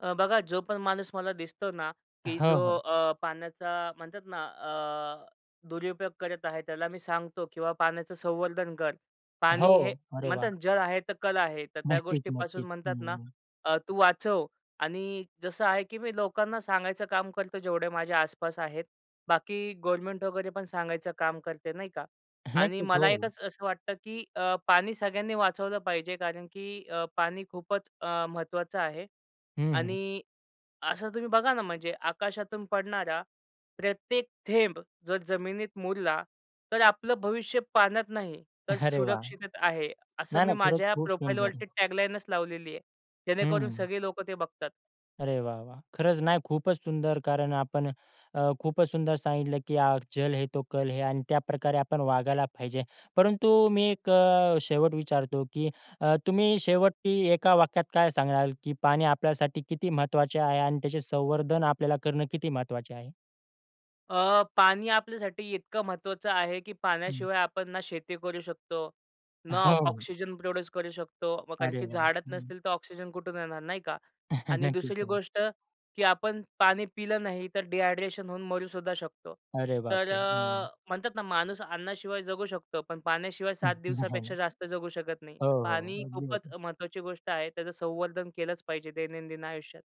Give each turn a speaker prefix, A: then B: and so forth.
A: अ, बघा जो पण माणूस मला दिसतो ना, की
B: हं,
A: जो
B: हं.
A: अ, पाण्याचा म्हणतात ना अ, दुरुपयोग करत आहे त्याला मी सांगतो किंवा पाण्याचं संवर्धन कर.
B: हो.
A: पाणी हे
B: अरे वाह!
A: म्हणतात जल आहे तर, कल आहे. तर त्या
B: नक्कीच,
A: गोष्टीपासून
B: नक्कीच.
A: म्हणतात
B: हं,
A: ना
B: हं.
A: अ, तू वाचव आणि जसं आहे की मी लोकांना सांगायचं काम करतो जेवढे माझ्या आसपास आहेत, बाकी गव्हर्नमेंट वगैरे पण सांगायचं काम करते, नाही का. आणि
B: नक्कीच. हो.
A: मला एकच असं वाटतं, की अ, पाणी सगळ्यांनी वाचवलं पाहिजे कारण की अ, पाणी खूपच अ, महत्त्वाचं आहे
B: हं, हं.
A: आणि असं तुम्ही बघा ना, म्हणजे आकाशातून पडणारा प्रत्येक थेंब जर जमिनीत मुरला, तर आपलं भविष्य पाण्यात नाही तर
B: अरे वाह!
A: सुरक्षिततेत आहे. असं
B: नाही,
A: मी
B: नाही, खरंच
A: माझ्या
B: खूप सुंदर.
A: प्रोफाइलवरती टॅगलाईनचं लावलेली आहे,
B: हं.
A: जेणेकरून सगळे लोकं ते बघतात.
B: अरे वाह, वाह! खरंच नाही खूपच सुंदर कारण आपण अ, खूपच सुंदर सांगितलं, की आज जल है, तो कल है. आणि त्याप्रकारे आपण वागायला पाहिजे. परंतु मी एक अ, शेवट विचारतो की अ, तुम्ही शेवटी एका वाक्यात काय सांगणार, की पाणी आपल्यासाठी किती महत्वाचे आहे आणि त्याचे संवर्धन आपल्याला करणं किती महत्वाचे आहे?
A: अ, पाणी आपल्यासाठी इतकं महत्त्वाचं आहे, की
B: हं.
A: पाण्याशिवाय आपण ना शेती करू शकतो, ना
B: हो.
A: ऑक्सिजन प्रोड्यूस करू शकतो म कारण
B: अरे
A: की
B: वाह!
A: झाडच
B: हं.
A: नसतील तर ऑक्सिजन कुठून येणार नाही का आणि
B: नक्कीच.
A: दुसरी
B: नक्क
A: गोष्ट, की आपण पाणी पिलं नाही तर डिहायड्रेशन होऊन मरू सुद्धा शकतो.
B: अरे
A: तर
B: बापरे! हं.
A: अ, म्हणतात ना माणूस अन्नाशिवाय जगू शकतो, पण पाण्याशिवाय 7
B: नक्की
A: दिवसापेक्षा
B: नाही.
A: जास्त जगू शकत नाही.
B: हो,
A: तर
B: हो.
A: पाणी
B: अगदी
A: खूपच
B: बरोबर.
A: महत्त्वाची गोष्ट आहे त्याचं संवर्धन केलंच पाहिजे दैनंदिन आयुष्यात.